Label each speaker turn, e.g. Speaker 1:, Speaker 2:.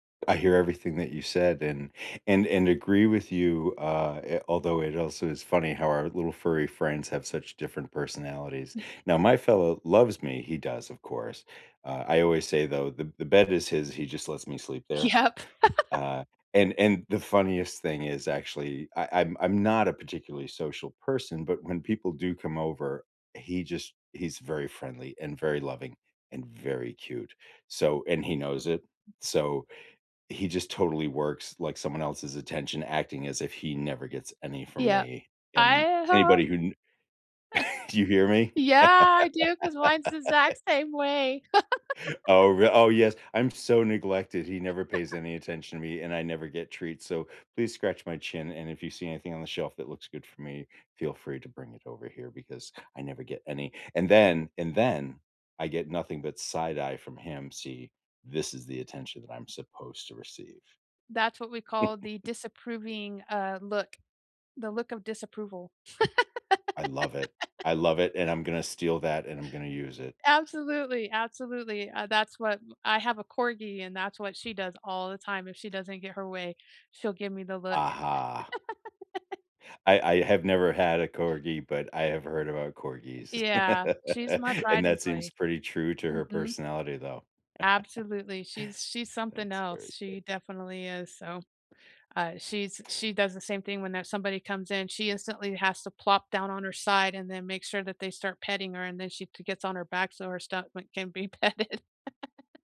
Speaker 1: I hear everything that you said, and and and agree with you, uh, i although it also is funny how our little furry friends have such different personalities. Now, my fellow loves me, he does, of course, uh, I always say, though, "The the bed is his, he just lets me sleep there."
Speaker 2: Yep.
Speaker 1: Uh, and and the funniest thing is actually, I I'm I'm not a particularly social person, but when people do come over, he just he's very friendly and very loving and very cute, so and he knows it, so he just totally works like someone else's attention, acting as if he never gets any from
Speaker 2: Yep,
Speaker 1: me, and
Speaker 2: I ha
Speaker 1: anybody who kn Do you hear me?
Speaker 2: Yeah, I do 'cause mine's the exact same way.
Speaker 1: Oh, re oh, yes. "I'm so neglected. He never pays any attention to me and I never get treats, so please scratch my chin, and if you see anything on the shelf that looks good for me, feel free to bring it over here, because I never get any." And then and then I get nothing but side eye from him. "See, this is the attention that I'm supposed to receive."
Speaker 2: That's what we call the disapproving, uh, look. The look of disapproval.
Speaker 1: I love it. I love it, and I'm gonna to steal that, and I'm gonna use it.
Speaker 2: Absolutely, absolutely, uh, that's what I have a Corgi and that's what she does all the time, if she doesn't get her way, she'll give me the look.
Speaker 1: Aha. I I have never had a Corgi, but I have heard about Corgis.
Speaker 2: Yeah. She's my pride
Speaker 1: And
Speaker 2: and
Speaker 1: that
Speaker 2: joy.
Speaker 1: seems pretty true to her
Speaker 2: Mhm.
Speaker 1: personality, though.
Speaker 2: Absolutely, she's she's something
Speaker 1: That's
Speaker 2: else,
Speaker 1: very
Speaker 2: she
Speaker 1: good.
Speaker 2: definitely is, so, uh, she's she does the same thing when, uh, somebody comes in, she instantly has to plop down on her side and then make sure that they start petting her, and then she c gets on her back so her stomach can be petted.